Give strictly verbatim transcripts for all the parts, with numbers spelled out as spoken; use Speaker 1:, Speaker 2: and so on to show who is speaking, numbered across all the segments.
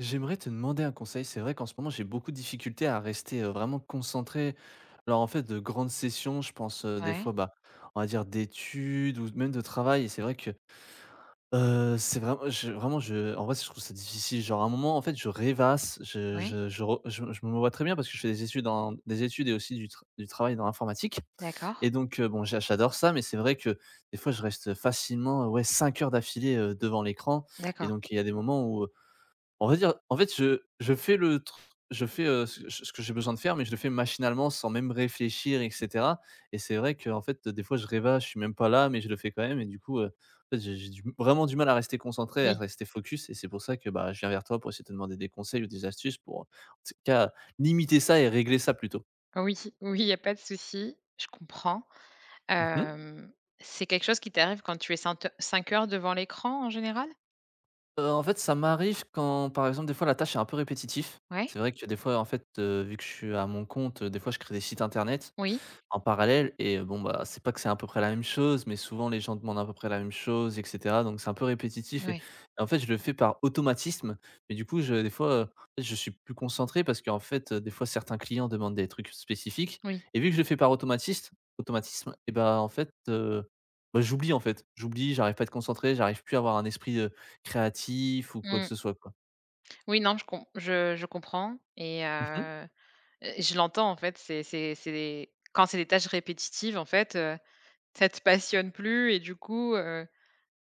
Speaker 1: J'aimerais te demander un conseil, c'est vrai qu'en ce moment j'ai beaucoup de difficultés à rester, heu, vraiment concentré, lors en fait de grandes sessions, je pense, heu, des
Speaker 2: Ouais.
Speaker 1: fois, bah, on va dire d'études ou de z même de travail et c'est vrai que, heu, c'est vrai, heu, je vraiment je en vrai, je trouve ça difficile. Genre à un moment, en fait je rêvasse, je
Speaker 2: Oui.
Speaker 1: je je re je je me vois très bien parce que je fais des études en des études et aussi du tra du travail dans l'informatique
Speaker 2: D'accord.
Speaker 1: et donc, bon, j'a j'adore ça, mais c'est vrai que des fois je reste, heu, facilement, ouais, cinq heures d'affilée, heu, devant l'écran et
Speaker 2: D'accord.
Speaker 1: donc il y a des moments où, heu, on va dire, en fait je je fais le tr je fais, heu, c c ce que j'ai besoin de faire mais je le fais machinalement sans même réfléchir et cetera et c'est vrai qu'en fait des fois je rêvasse, je suis même pas là mais je le fais quand même et du coup, heu, en fait j'ai j'ai du m vraiment du mal à rester concentré, à
Speaker 2: Oui.
Speaker 1: rester focus et c'est pour ça que, bah, je viens vers toi pour essayer de te demander des conseils ou des astuces pour, en tss cas, limiter ça et régler ça plutôt.
Speaker 2: Oui, oui il y a pas de souci, je comprends,
Speaker 1: Mmh mh.
Speaker 2: hem, c'est quelque chose qui t'arrive quand tu es saint, heu cinq heures devant l'écran en général?
Speaker 1: Heu, en fait ça m'arrive quand, par exemple des fois la tâche est un peu répétitif.
Speaker 2: Ouais.
Speaker 1: C'est vrai que des fois en fait, heu, vu que je suis à mon compte, heu, des fois je crée des sites internet,
Speaker 2: Oui.
Speaker 1: en parallèle et bon, bah, c'est pas que c'est à peu près la même chose, mais souvent les gens demandent à peu près la même chose et cetera. Donc c'est un peu répétitif et
Speaker 2: Ouais.
Speaker 1: en fait je le fais par automatisme mais du coup je des fois en fait je suis plus concentré parce qu'en fait, heu, des fois certains clients demandent des trucs spécifiques
Speaker 2: Oui.
Speaker 1: et vu que je le fais par automatiste automatisme et bah, en fait, heu, bah, j'oublie en fait. J'oublie, j'arrive pas à être concentré j'arrive plus à avoir un esprit, heu, créatif ou quoi
Speaker 2: Mmh
Speaker 1: que
Speaker 2: mh.
Speaker 1: ce soit quoi.
Speaker 2: Oui non je com je je comprends et
Speaker 1: Mmh mh.
Speaker 2: heu et et je l'entends en fait c'est c'est c'est des quand c'est des tâches répétitives en fait, heu, ça te passionne plus et du coup, heu,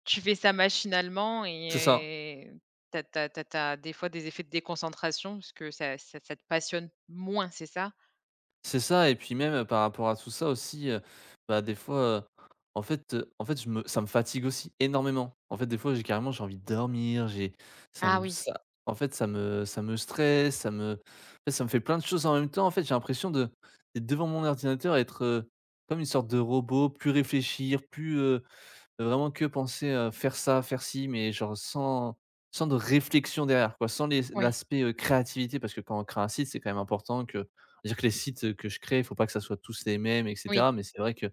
Speaker 2: tu fais ça machinalement
Speaker 1: C'est ça.
Speaker 2: et tu as tu as tu as tu as des fois des effets de déconcentration parce que ça ça ça te passionne moins c'est ça?
Speaker 1: C'est ça et puis même, heu, par rapport à tout ça aussi, heu, bah des fois, heu, en fait, heu en fait je me ça me fatigue aussi énormément en fait des fois j'ai carrément j'ai envie de dormir. J'ai ça
Speaker 2: Ah
Speaker 1: me
Speaker 2: oui.
Speaker 1: ça en fait ça me ça me stresse ça me en fait ça me fait plein de choses en même temps en fait j'ai l'impression de d'être devant mon ordinateur être, heu, comme une sorte de robot, plus réfléchir, plus, heu heu, vraiment que penser à faire ça, faire ci, mais genre sans sans de réflexion derrière quoi sans les s
Speaker 2: Oui.
Speaker 1: l'aspect créativité parce que quand on crée un site, c'est quand même important que je veux dire que les sites que je crée il faut pas que ça soit tous les mêmes et
Speaker 2: Oui.
Speaker 1: cetera. Mais c'est vrai que, ben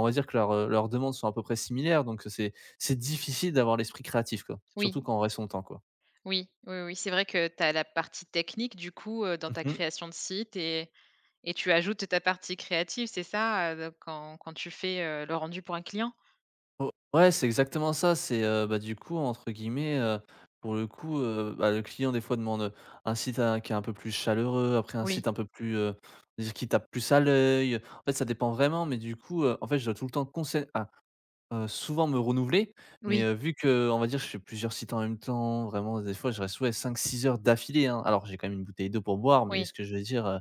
Speaker 1: on va dire que leurs, heu, leurs demandes sont à peu près similaires donc heu, c'est c'est difficile d'avoir l'esprit créatif quoi, surtout
Speaker 2: Oui.
Speaker 1: quand on reste longtemps quoi.
Speaker 2: Oui, oui, oui, c'est vrai que tu as la partie technique du coup, heu, dans
Speaker 1: Mmh
Speaker 2: ta
Speaker 1: mh.
Speaker 2: création de site et et tu ajoutes ta partie créative, c'est ça? Heu, donc quand quand tu fais, heu, le rendu pour un client?
Speaker 1: O ouais, c'est exactement ça! C'est, heu, bah du coup, entre guillemets, heu, pour le coup, heu, bah le client des fois demande, heu, un site un qui est un peu plus chaleureux, après un
Speaker 2: Oui.
Speaker 1: site un peu plus, heu, je veux dire qui tape plus à l'œil, en fait ça dépend vraiment. Mais du coup, heu, en fait je dois tout le temps qu'on sait à heu, souvent me renouveler, mais
Speaker 2: Oui.
Speaker 1: heu, vu qu'on va dire que je fais plusieurs sites en même temps, vraiment des fois je reste ouais cinq-six heures d'affilée hein. Alors, j'ai quand même une bouteille d'eau pour boire, mais
Speaker 2: Oui.
Speaker 1: ce que je veux dire, heu,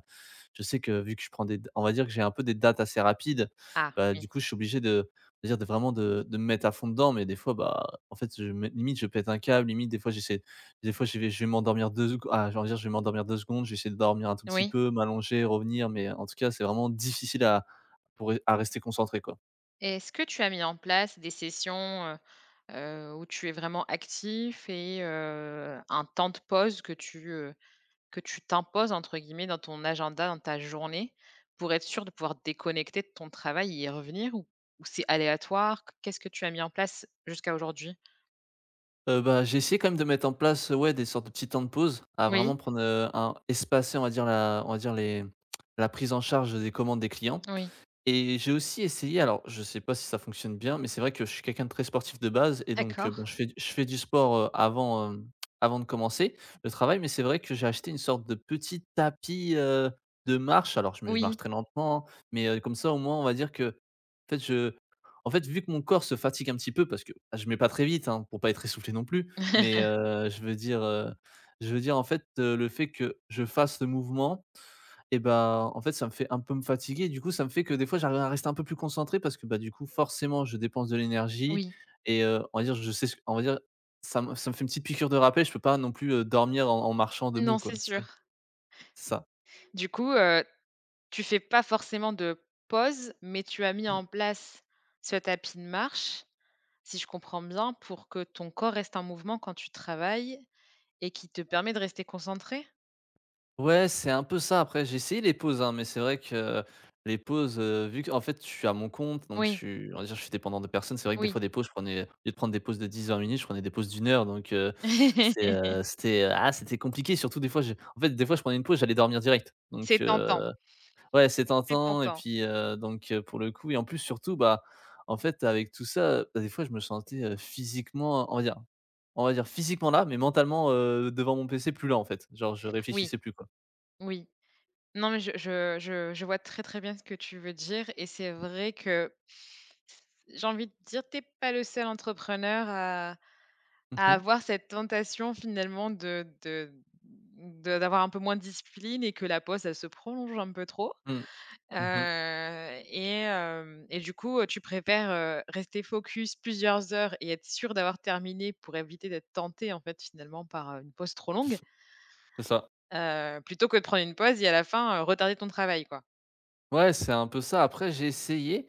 Speaker 1: je sais que vu que je prends des da on va dire que j'ai un peu des dates assez rapides.
Speaker 2: Ah,
Speaker 1: Bah
Speaker 2: oui.
Speaker 1: du coup je suis obligé de dire, on va dire de vraiment de de me mettre à fond dedans mais des fois, bah en fait je me limite je pète un câble, limite des fois j'essaie des fois je vais je vais m'endormir deux secon ah genre on va dire je vais m'endormir deux secondes, je vais essayer de dormir un tout petit
Speaker 2: Oui.
Speaker 1: peu, m'allonger, revenir, mais en tout cas c'est vraiment difficile à pour ré à rester concentré quoi.
Speaker 2: Et est-ce que tu as mis en place des sessions, heu heu, où tu es vraiment actif et heu, un temps de pause que tu heu, que tu «t'imposes» entre guillemets dans ton agenda, dans ta journée, pour être sûr de pouvoir déconnecter de ton travail et y revenir ou ou c'est aléatoire? Q qu'est-ce que tu as mis en place jusqu'à aujourd'hui?
Speaker 1: Heu, ben, j'ai essayé quand même de mettre en place ouais, des sortes de petits temps de pause, à
Speaker 2: Oui.
Speaker 1: vraiment prendre, heu, un espacer, on va dire, un on va dire les la prise en charge des commandes des clients.
Speaker 2: Oui.
Speaker 1: Et j'ai aussi essayé alors je sais pas si ça fonctionne bien, mais c'est vrai que je suis quelqu'un de très sportif de base et donc heu, bon,
Speaker 2: D'accord.
Speaker 1: je fais je fais du sport, heu, avant, heu, avant de commencer le travail mais c'est vrai que j'ai acheté une sorte de petit tapis, heu, de marche alors je me je marche
Speaker 2: Oui.
Speaker 1: très lentement. Mais heu, comme ça au moins on va dire que, peut-être je en fait, vu que mon corps se fatigue un petit peu parce que bah, je mets pas très vite hein, pour pas être essoufflé non plus. Mais, heu, je veux dire, heu, je veux dire en fait, heu, le fait que je fasse le mouvement et ben, en fait ça me fait un peu me fatiguer du coup ça me fait que des fois j'arrive à rester un peu plus concentré parce que bah, du coup, forcément je dépense de l'énergie
Speaker 2: Oui.
Speaker 1: et, heu, on va dire je sais ce on va dire, ça me ça me fait une petite piqûre de rappel je peux pas non plus, heu, dormir en en marchant debout
Speaker 2: Non,
Speaker 1: quoi,
Speaker 2: c'est
Speaker 1: c'est ça.
Speaker 2: sûr.
Speaker 1: C'est ça.
Speaker 2: Du coup, heu, tu fais pas forcément de pause, mais tu as mis
Speaker 1: Mmh.
Speaker 2: en place ce tapis de marche, si je comprends bien, pour que ton corps reste en mouvement quand tu travailles et qui te permet de rester concentré?
Speaker 1: Ouais c'est un peu ça. Après, j'ai essayé les pauses, hein, mais c'est vrai que les pauses, heu, vu qu'en fait je suis à mon compte, donc je
Speaker 2: Oui.
Speaker 1: suis on va dire, je suis dépendant de personne, c'est vrai, que des
Speaker 2: Oui.
Speaker 1: fois, des pauses, je prenais au lieu de prendre des pauses de dix-vingt minutes, je prenais des pauses de une heure donc heu, c'est ,heu, c'était ah c'était compliqué. Surtout des fois j'ai en fait, des fois, je prenais une pause j'allais dormir direct donc
Speaker 2: C'est
Speaker 1: heu
Speaker 2: tentant.
Speaker 1: Ouais c'est
Speaker 2: Très
Speaker 1: tentant. Et
Speaker 2: tentant.
Speaker 1: puis, heu, donc heu, pour le coup, et en plus, surtout, bah, en fait, avec tout ça, bah des fois je me sentais physiquement on va dire on va dire physiquement là, mais mentalement, heu, devant mon PC plus là, en fait, genre, je
Speaker 2: Oui,
Speaker 1: réfléchissais plus, quoi.
Speaker 2: oui. Non, mais j je je je vois très, très bien ce que tu veux dire et c'est vrai que j'ai envie de dire, tu es pas le seul entrepreneur à
Speaker 1: Mmh
Speaker 2: à
Speaker 1: mh.
Speaker 2: avoir cette tentation, finalement de de de d'avoir un peu moins de discipline et que la pause, elle se prolonge un peu trop.
Speaker 1: Mmh. Mmh mh.
Speaker 2: Heu, et hem, et du coup, heu, tu préfères, heu, rester focus plusieurs heures et être sûr d'avoir terminé pour éviter d'être tenté, en fait, finalement, par une pause trop longue
Speaker 1: C'est ça.
Speaker 2: heu, plutôt que de prendre une pause et à la fin, heu, retarder ton travail, quoi?
Speaker 1: Ouais, c'est un peu ça. Après, j'ai essayé,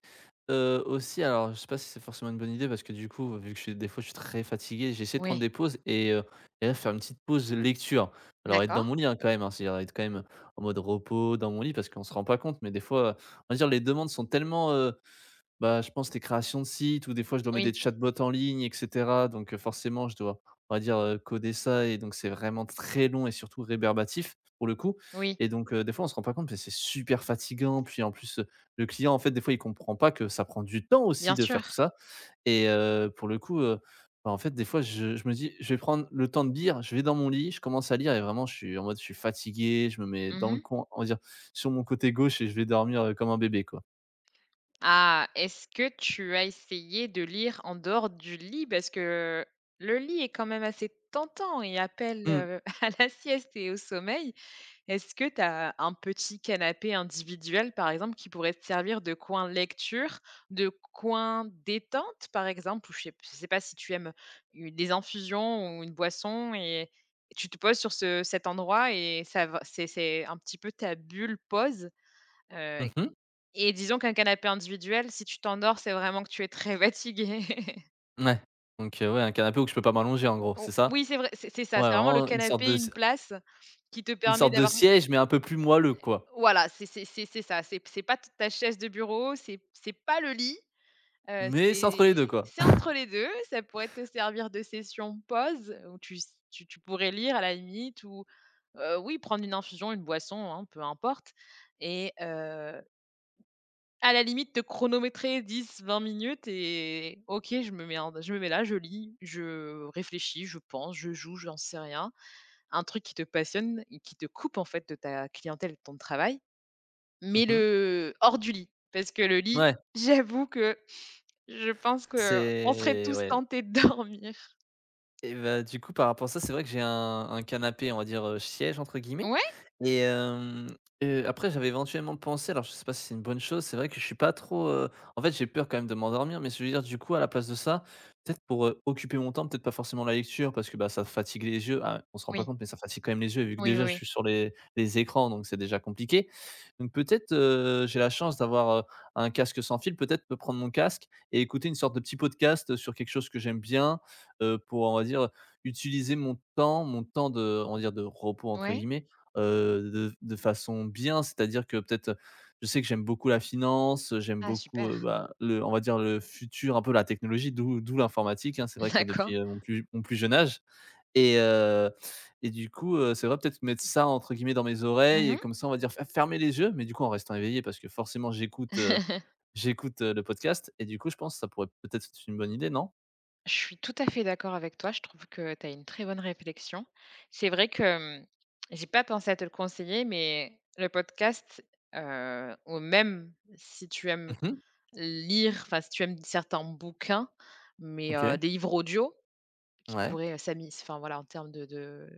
Speaker 1: heu, aussi. Alors, je sais pas si c'est forcement une bonne idée parce que, du coup, vu que je s des fois je suis très fatigué, j'ai essayé de
Speaker 2: Oui.
Speaker 1: prendre des pauses et heu, et là, faire une petite pause lecture. Alors, être dans
Speaker 2: D'accord.
Speaker 1: mon lit, hein, quand même, c'est à dire quand même en mode repos, dans mon lit, parce qu'on se rend pas compte, mais des fois, heu, on va dire les demandes sont tellement, heu bah, je pense, les créations de sites où, des fois, je dois mettre des
Speaker 2: Oui.
Speaker 1: chatbots en ligne, et cetera. Donc forcément, je dois, on va dire, heu, coder ça et donc c'est vraiment très long et surtout rébarbatif, pour le coup.
Speaker 2: Oui.
Speaker 1: Et donc heu, des fois on se rend pas compte. Beh, c'est super fatigant. Puis, en plus, le client, en fait, des fois, il comprend pas que ça prend du temps
Speaker 2: Bien
Speaker 1: aussi de faire
Speaker 2: sûr.
Speaker 1: tout ça. Et heu, pour le coup, heu, bah en fait, des fois je je me dis: «Je vais prendre le temps de lire». Je vais dans mon lit, je commence à lire et vraiment, je suis en mode: je suis fatigué. Je me mets
Speaker 2: Mmh
Speaker 1: dans le
Speaker 2: mh.
Speaker 1: coi on va dire sur mon côté gauche et je vais dormir, heu, comme un bébé, quoi.
Speaker 2: Ah, est-ce que tu as essayé de lire en dehors du lit? Parce que le lit est quand même assez tentant et appelle,
Speaker 1: Mmh.
Speaker 2: heu, à la sieste et au sommeil. Est-ce que t'as un petit canapé individuel, par exemple, qui pourrait te servir de coin lecture, de coin détente, par exemple? Ou je sais p je sais pas si tu aimes, heu, u des infusions ou une boisson et et tu te poses sur ce cet endroit et ça va c'est c'est un petit peu ta bulle pause. Heu
Speaker 1: Mmh mh.
Speaker 2: et disons qu'un canapé individuel, si tu t'endors, c'est vraiment que tu es très fatigué.
Speaker 1: Ouais, donc, heu, ouais un canapé où que je peux pas m'allonger, en gros
Speaker 2: Ou
Speaker 1: c'est ça?
Speaker 2: oui c'est vrai, c'est c'est c'est
Speaker 1: Ouais,
Speaker 2: ça, c'est vraiment le
Speaker 1: vraiment une sorte
Speaker 2: canapé,
Speaker 1: de
Speaker 2: une
Speaker 1: s
Speaker 2: place qui te
Speaker 1: une
Speaker 2: permet
Speaker 1: sorte de
Speaker 2: d'avoir
Speaker 1: siège, mais un peu plus moelleux,
Speaker 2: Heu
Speaker 1: quoi.
Speaker 2: voilà, c'est c'est c'est c'est ça, c'est p c'est pas t ta chaise de bureau, c'est p c'est pas le lit, heu,
Speaker 1: Mais c'est entre les
Speaker 2: c'est
Speaker 1: deux, quoi.
Speaker 2: c'est entre les deux ça pourrait te servir de session pause où tu s tu tu pourrais lire à la limite ou, heu, oui prendre une infusion, une boisson hein, peu importe et heu à la limite te chronométrer dix-vingt minutes et «OK, je me mets en d je me mets là, je lis, je réfléchis, je pense, je joue» j'en sais rien. Un truc qui te passionne et qui te coupe en fait de ta clientèle et de ton travail,
Speaker 1: Mmh
Speaker 2: mais
Speaker 1: mh.
Speaker 2: le hors du lit, parce que le lit,
Speaker 1: Ouais.
Speaker 2: j'avoue que, je pense qu'on serait
Speaker 1: C'est,
Speaker 2: tous
Speaker 1: ouais.
Speaker 2: tentés de dormir.
Speaker 1: Et bah du coup par rapport à ça, c'est vrai que j'ai un un canapé, on va dire, heu, «siège» entre guillemets.
Speaker 2: Ouais.
Speaker 1: Et hem, heu, après j'avais éventuellement pensé alors je sais pas si c'est une bonne chose, c'est vrai que je suis pas trop, heu en fait j'ai peur quand même de m'endormir, mais ce que je veux dire, du coup, à la place de ça, peut-être pour, heu, occuper mon temps, peut-être pas forcément la lecture parce que bah ça fatigue les yeux, à on se rend pas
Speaker 2: Oui.
Speaker 1: compte mais ça fatigue quand même les yeux vu que
Speaker 2: Oui, oui
Speaker 1: déjà je
Speaker 2: oui.
Speaker 1: suis sur les les écrans, donc c'est déjà compliqué. Donc peut-être, heu, j'ai la chance d'avoir, heu, un casque sans fil. Peut-être me prendre mon casque et écouter une sorte de petit podcast sur quelque chose que j'aime bien, heu, pour, on va dire, heu, utiliser mon temps mon temps de on va dire, de «repos» entre
Speaker 2: Ouais.
Speaker 1: guillemets, heu, de f de façon bien. C'est-à-dire que peut-être, heu, je sais que j'aime beaucoup la finance, heu, j'aime
Speaker 2: Ah,
Speaker 1: beaucoup,
Speaker 2: super.
Speaker 1: heu, bah, le on va dire, le futur, un peu la technologie d'où d'où l'informatique hein. C'est vrai que
Speaker 2: D'accord.
Speaker 1: depuis, heu, mon plus j mon plus jeune âge et, heu, et du coup, heu, c'est vrai, peut-être mettre «ça» entre guillemets dans mes
Speaker 2: Mmh
Speaker 1: oreilles
Speaker 2: mh.
Speaker 1: et comme ça, on va dire, f f fermer les yeux, mais du coup en restant éveillé parce que forcément j'écoute, heu, j'écoute, heu, le podcast. Et du coup je pense ça pourrait peut-être être une bonne idée, non?
Speaker 2: Je suis tout à fait d'accord avec toi, je trouve que tu as une très bonne réflexion. C'est vrai que, hem, j'ai pas pensé à te le conseiller, mais le podcast, heu, ou même si tu aimes
Speaker 1: Mmh mh.
Speaker 2: lire, enfin si tu aimes certains bouquins, mais, heu,
Speaker 1: OK.
Speaker 2: des livres audio qui
Speaker 1: Ouais.
Speaker 2: pourraient, heu, s'ami s enfin voilà en termes de de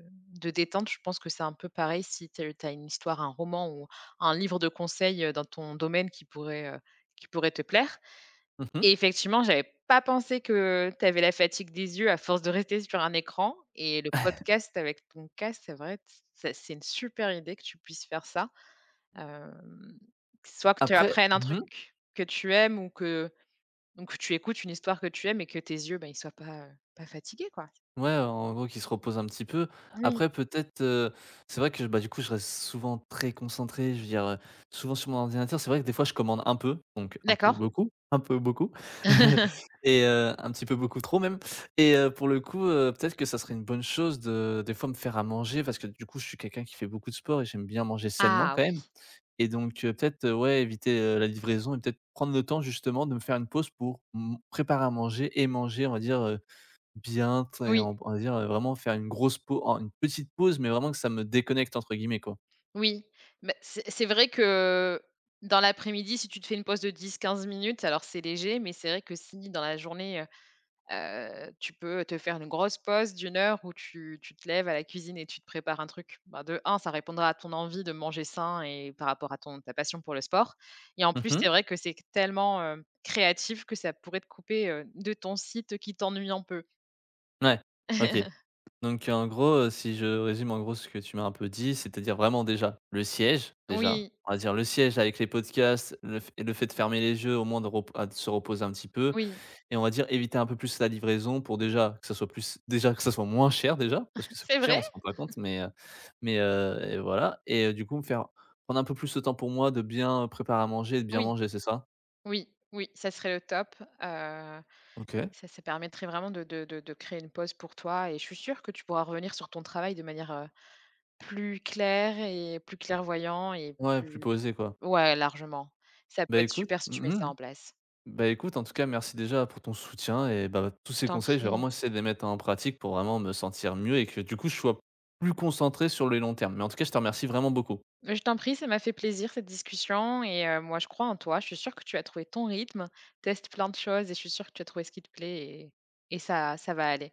Speaker 2: de détente, je pense que c'est un peu pareil si tu as heu, tu as une histoire, un roman ou un livre de conseils, heu, dans ton domaine qui pourrait, heu, qui pourrait te plaire.
Speaker 1: Mmh mh.
Speaker 2: Et effectivement, j'avais pas pensé que tu avais la fatigue des yeux à force de rester sur un écran et le podcast avec ton casque, c'est vrai, t c'est c'est une super idée que tu puisses faire ça, hem, soit que tu
Speaker 1: Après
Speaker 2: apprennes un
Speaker 1: mmh
Speaker 2: truc
Speaker 1: mh.
Speaker 2: que tu aimes ou que donc tu écoutes une histoire que tu aimes et que tes yeux, ben ils soient pas, heu, pas fatigués, quoi.
Speaker 1: Ouais, en gros qui se repose un petit peu.
Speaker 2: Oui.
Speaker 1: Après peut-être, heu, c'est vrai que bah, du coup je reste souvent très concentré, je veux dire, heu, souvent sur mon ordinateur. C'est vrai que des fois je commande un peu, donc un peu
Speaker 2: D'accord.
Speaker 1: beaucoup, un peu beaucoup, et heu, un petit peu beaucoup trop même et heu, pour le coup, heu, peut-être que ça serait une bonne chose de des fois me faire à manger parce que du coup je suis quelqu'un qui fait beaucoup de sport et j'aime bien manger sainement
Speaker 2: Ah
Speaker 1: quand
Speaker 2: oui.
Speaker 1: même. Et donc heu, peut-être, heu, ouais, éviter, heu, la livraison et peut-être prendre le temps justement de me faire une pause pour m préparer à manger et manger, on va dire heu, bien. Tu sais,
Speaker 2: Oui.
Speaker 1: on va dire, heu, vraiment faire une grosse pau en une petite pause, mais vraiment que ça me «déconnecte» entre guillemets quoi.
Speaker 2: Oui, bah, c'est c'est vrai que dans l'après-midi, si tu te fais une pause de dix-quinze minutes, alors c'est léger, mais c'est vrai que si dans la journée, heu, heu, tu peux te faire une grosse pause de une heure où tu tu te lèves à la cuisine et tu te prépares un truc. Bah de un ça répondra à ton envie de manger sain et par rapport à ton ta passion pour le sport et en
Speaker 1: Mmh
Speaker 2: plus c'est
Speaker 1: mh.
Speaker 2: vrai que c'est q tellement, heu, créatif que ça pourrait te couper, heu, de ton site qui t'ennuie un peu.
Speaker 1: Ouais. OK. Donc en gros, heu, si je résume en gros ce que tu m'as un peu dit, c'est-à-dire vraiment, déjà, le siège, déjà,
Speaker 2: Oui.
Speaker 1: on va dire: «Le siège avec les podcasts, le fait et le fait de fermer les yeux, au moins de repo à de se reposer un petit peu»
Speaker 2: Oui.
Speaker 1: et on va dire: «Eviter un peu plus la livraison», pour déjà, que ça soit plus déjà, que ça soit moins cher, déjà! Parce que ça coûte
Speaker 2: C'est
Speaker 1: cher,
Speaker 2: vrai?
Speaker 1: on se rend compte mais heu mais heu et voilà! Et du coup, me faire prendre un peu plus le temps pour moi, de bien préparer à manger et de bien
Speaker 2: Oui!
Speaker 1: manger. C'est ça?
Speaker 2: Oui, oui. Ca serait, heu, top, heu,
Speaker 1: OK.
Speaker 2: ça ça permettrait vraiment de de de de créer une pause pour toi, et je suis sûre que tu pourras revenir sur ton travail de manière, heu, plus claire et plus clairvoyant et
Speaker 1: Ouais. Plus
Speaker 2: plus
Speaker 1: posé, quoi.
Speaker 2: ouais, largement. Ca peut
Speaker 1: Beh
Speaker 2: être
Speaker 1: écoute
Speaker 2: super si tu mets
Speaker 1: mmh
Speaker 2: ça
Speaker 1: mh
Speaker 2: en place.
Speaker 1: bah, écoute, en tout cas, merci déjà pour ton soutien et bah, tous
Speaker 2: Je
Speaker 1: ces
Speaker 2: t'en
Speaker 1: conseils, je vais
Speaker 2: prie.
Speaker 1: vraiment essayer de les mettre en pratique, pour vraiment me sentir mieux et que, du coup, je sois plus concentré sur les longs termes. Mais, en tout cas, je te remercie vraiment beaucoup.
Speaker 2: Heu, je t'en prie! Ca m'a fait plaisir cette discussion et heu, moi je crois en toi! Je suis sûre que tu as trouvé ton rythme. Teste plein de choses, et je suis sûre que tu vas trouver ce qui te plaît et et ça ça va aller.